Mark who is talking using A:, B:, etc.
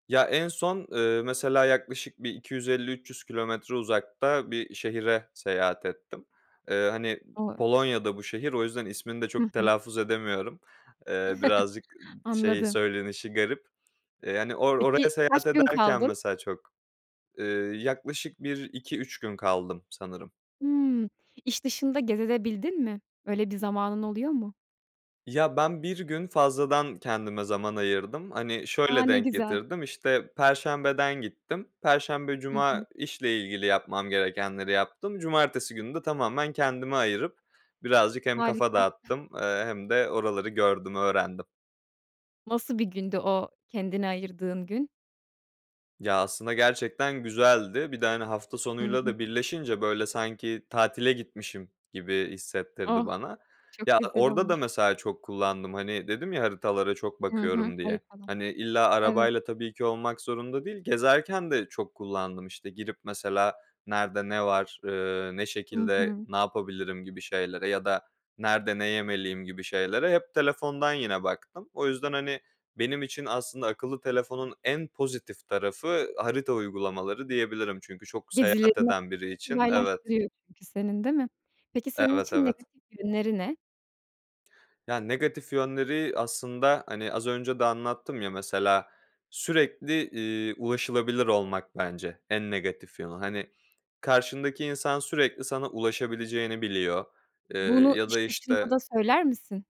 A: Ya, en son, ııı, mesela, yaklaşık bir 250-300 kilometre uzakta bir şehre seyahat ettim. Iıı, hani,
B: [unintelligible]
A: Polonya'da bu şehir. O yüzden ismini de
B: Hı
A: çok
B: hı.
A: telaffuz edemiyorum. Iıı, birazcık, ııı, şey,
B: Anladım.
A: söylenişi garip. Eee, yani, or
B: Peki
A: oraya seyahat
B: kaç gün
A: ederken
B: kaldın?
A: mesela çok, ııı, yaklaşık bir 2-3 gün kaldım sanırım.
B: Hımm. İş dışında gezebildin de mi? Böyle bir zamanın oluyor mu?
A: Ya, ben 1 gün fazladan kendime zaman ayırdım. Hani,
B: A,
A: şöyle
B: ne
A: denk
B: güzel!
A: getirdim: İşte, perşembeden gittim; perşembe,
B: Hı
A: cuma
B: hı.
A: işle ilgili yapmam gerekenleri yaptım, cumartesi günü de tamamen kendime ayırıp birazcık hem kafa
B: Harika.
A: dağıttım, ııı, hem de oraları gördüm, öğrendim.
B: Nasıl bir gündü o kendine ayırdığın gün?
A: Ya, aslında gerçekten güzeldi. Bir de, hani, hafta
B: Hı
A: sonuyla
B: hı.
A: da birleşince böyle, sanki tatile gitmişim gibi hissettirdi
B: Oh!
A: bana.
B: Çok
A: Ya,
B: güzel
A: orada da
B: olmuş.
A: mesela çok kullandım; hani, dedim ya haritalara çok
B: Hı hı,
A: bakıyorum diye.
B: haritalar.
A: Hani, illa
B: Evet.
A: arabayla tabii ki olmak zorunda değil. Gezerken de çok kullandım, işte, girip, mesela, "Nerede, ne var? Iıı, ne
B: Hı
A: şekilde,
B: hı.
A: ne yapabilirim?" gibi şeylere ya da "Nerede, ne yemeliyim?" gibi şeylere hep telefondan yine baktım; o yüzden, hani, benim için aslında akıllı telefonun en pozitif tarafı harita uygulamaları, diyebilirim çünkü çok seyahat
B: Gezilerini oldukça
A: eden biri için evet.
B: kolaylaştırıyor çünkü senin, değil mi? Peki senin
A: Evet,
B: için
A: evet.
B: negatif yönleri ne?
A: Ya, negatif yönleri aslında, hani, az önce de anlattım ya, mesela sürekli, iii, ulaşılabilir olmak bence en negatif yönü. Hani, karşındaki insan sürekli sana ulaşabileceğini biliyor, ııı,
B: Bunu
A: ya da
B: iş dışında da
A: işte
B: söyler misin?